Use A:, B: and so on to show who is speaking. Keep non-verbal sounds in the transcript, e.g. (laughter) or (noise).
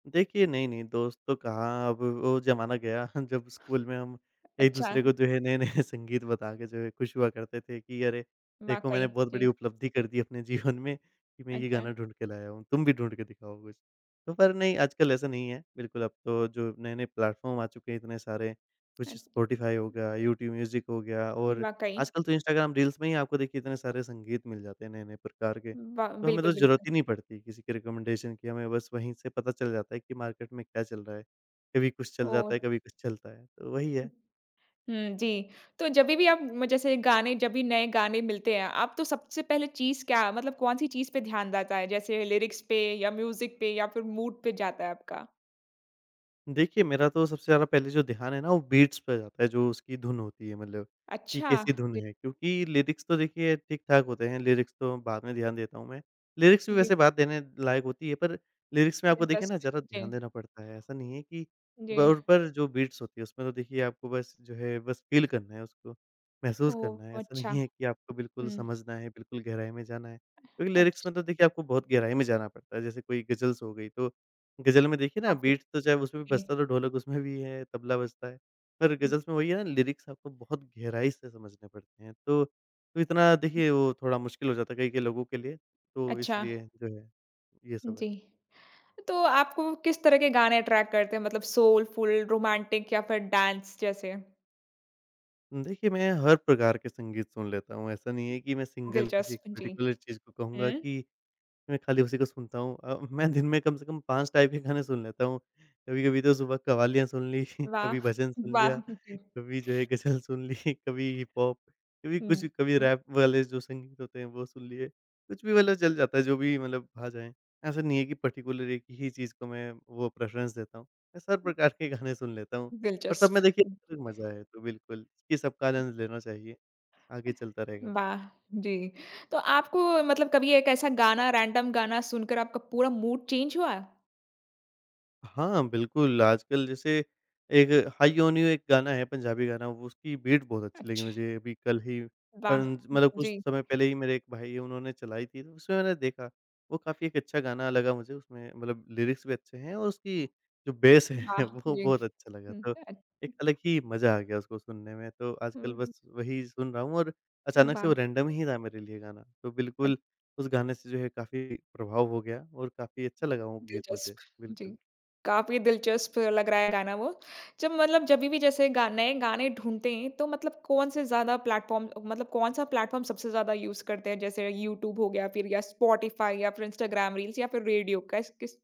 A: देखिए, नहीं-नहीं दोस्त तो कहाँ अब वो ज़माना गया जब स्कूल में हम
B: अच्छा।
A: एक-दूसरे को जो है नए-नए संगीत बता के जो है खुश हुआ करते थे कि अरे देखो
B: वाक़ई,
A: मैंने बहुत बड़ी
B: जी।
A: उपलब्धि कर दी अपने जीवन में कि मैं ये
B: अच्छा।
A: गाना ढूँढ के लाया हूँ, तुम भी ढूँढ के दिखाओ कुछ? तो पर नहीं आजकल ऐसा नहीं है। बिल्कुल अब तो जो नए-नए प्लेटफॉर्म आ चुके हैं इतने सारे कुछ स
B: अच्छ
A: स्पॉटिफाई हो गया, यूट्यूब मूज़िक हो गया, और
B: वाक़ई।
A: आजकल तो इंस्टाग्राम रील्स में ही आपको देखिए इतने सारे संगीत मिल जाते हैं नए-नए प्रकार के।
B: ब
A: तो हमें
B: बिल्कुल,
A: तो ज़रूरत
B: बिल्कुल।
A: ही नहीं पड़ती किसी के रेकमेंडेशन की। हमें बस वहीं से पता चल जाता है कि मार्केट में क्या चल रहा है। कभी कुछ चल जाता है,
B: ओह!
A: कभी कुछ चलता है, तो वही
B: उ
A: है।
B: हुँ, जी। तो जभी भी आप म जैसे गाने जब भी नए गाने मिलते हैं, आप तो सबसे पहले चीज़ क्या मतलब कौन-सी चीज़ पे ध्यान जाता है, जैसे लीरिक्स पे या मूज़िक पे या फिर मूड पे जाता है आपका?
A: देखिए मेरा तो सबसे ज़्यादा पहले जो ध्यान है ना वो बीट्स पे जाता है, जो उसकी धुन होती है मतलब कि
B: अच्छा,
A: कैसी धुन
B: जी।
A: है। क्योंकि लीरिक्स तो देखिए ठीक-ठाक होते हैं, लीरिक्स तो बाद में ध्यान देता हूँ मैं। लीरिक्स भी
B: जी।
A: वैसे बात देने लायक होती है पर लीरिक्स में आपको देखिए ना
B: दिलचस्प
A: ज़्यादा
B: जी।
A: ध्यान देना पड़ता है। ऐसा नहीं है कि ब
B: जी।
A: उन पर जो बीट्स होती है उसमें तो देखिए आपको बस जो है बस फ़ील करना है उसको, महसूस करना है।
B: ओह
A: ऐसा
B: अच्छा।
A: नहीं है कि आपको बिल्कुल
B: हुँ।
A: समझना है, बिल्कुल गहराई में जाना है। क्योंकि लीरिक्स
B: अच्छ
A: में तो देखिए आपको बहुत गहराई में जाना पड़ता है। जैसे कोई गज़ल्स हो गई तो गज़ल में देखिए ना
B: काफ़ी,
A: बीट्स तो चाहे उसमें भी
B: जी।
A: बजता तो ढोलक उसमें भी है, तबला बजता है। पर
B: हुँ।
A: गज़ल्स में वही है ना लीरिक्स आपको बहुत गहराई से समझने पड़ते हैं। तो इतना देखिए वो थोड़ा मुश्किल हो जाता है कई-कई लोगों के लिए। तो
B: अच्छा।
A: इसलिए जो है, ये सब है।
B: जी। तो आपको किस तरह के गाने अट्रैक्ट करते हैं? मतलब सोलफुल, रोमांटिक या फिर डांस जैसे?
A: उम, देखिए, मैं हर प्रकार के संगीत सुन लेता हूँ। ऐसा नहीं है कि मैं सिंगल किसी
B: दिलचस्प, जी।
A: पर्टिकुलर चीज़ को कहूँगा
B: हुँ।
A: कि मैं खाली उसी को सुनता हूँ। अ, मैं दिन में कम से कम 5 टाइप के गाने सुन लेता हूँ। कभी-कभी तो सुबह कव्वालियाँ सुन ली,
B: वाह!
A: कभी भजन सुन
B: वाह!
A: लिया,
B: हुँ, जी।
A: कभी जो है गज़ल सुन ली, कभी हिप-हॉप, कभी कुछ
B: हुँ,
A: कभी
B: हुँ।
A: रैप वाले जो संगीत होते हैं वो सुन लिए। कुछ भी मतलब चल जाता है, जो भी मतलब आ जाएँ। ऐसा नहीं है कि पर्टिकुलर एक ही चीज़ को मैं वो प्रेफ्ररेंस देता हूँ। मैं सब प्रकार के गाने सुन लेता हूँ। और सब
B: दिलचस्प।
A: में देखिए (unintelligible) मज़ा है तो बिल्कुल कि सबका आनंद लेना चाहिए, आगे चलता रहेगा।
B: वाह! जी। तो आपको मतलब कभी एक ऐसा गाना रैंडम गाना सुनकर आपका पूरा मूड चेंज हुआ?
A: हाँ, बिल्कुल। आजकल जैसे एक हाई ऑन यू एक गाना है, पंजाबी गाना। उसकी बीट बहुत अच्छी लगी
B: अच्छा।
A: मुझे। अभी कल ही
B: वाह!
A: परन मतलब कुछ
B: जी।
A: समय पहले ही मेरे एक भाई है उन्होंने चलाई थी ना उसमें मैंने देखा वो काफ़ी एक अच्छा गाना लगा मुझे। उसमें मतलब लीरिक्स भी अच्छे हैं और उसकी जो बेस है
B: वाह!
A: वो
B: जी।
A: बहुत अच्छा लगा।
B: हुँ,
A: तो
B: अ
A: एक अलग ही मज़ा आ गया उसको सुनने में। तो आजकल
B: हुँ, हुँ।
A: बस वही सुन रहा हूँ और अचानक से
B: वाह!
A: वो रैंडम ही था मेरे लिए गाना। तो
B: अ
A: बिल्कुल उस गाने से जो है काफ़ी प्रभाव हो गया और काफ़ी अच्छा लगा वो गीत
B: दिलचस्प,
A: मुझे,
B: जी।
A: बिल्कुल।
B: काफ़ी दिलचस्प लग रहा है गाना वो। जब मतलब जभी भी जैसे गा नए गाने ढूँढते हैं, तो मतलब कौन-से ज़्यादा प्लेटफॉर्म मतलब कौन-सा प्लेटफॉर्म सबसे ज़्यादा यूज़ करते हैं, जैसे यूट्यूब हो गया, फिर या स्पॉटिफाई, या फिर इंस्टाग्राम रील्स, या फिर रेडियो? क कैस, किस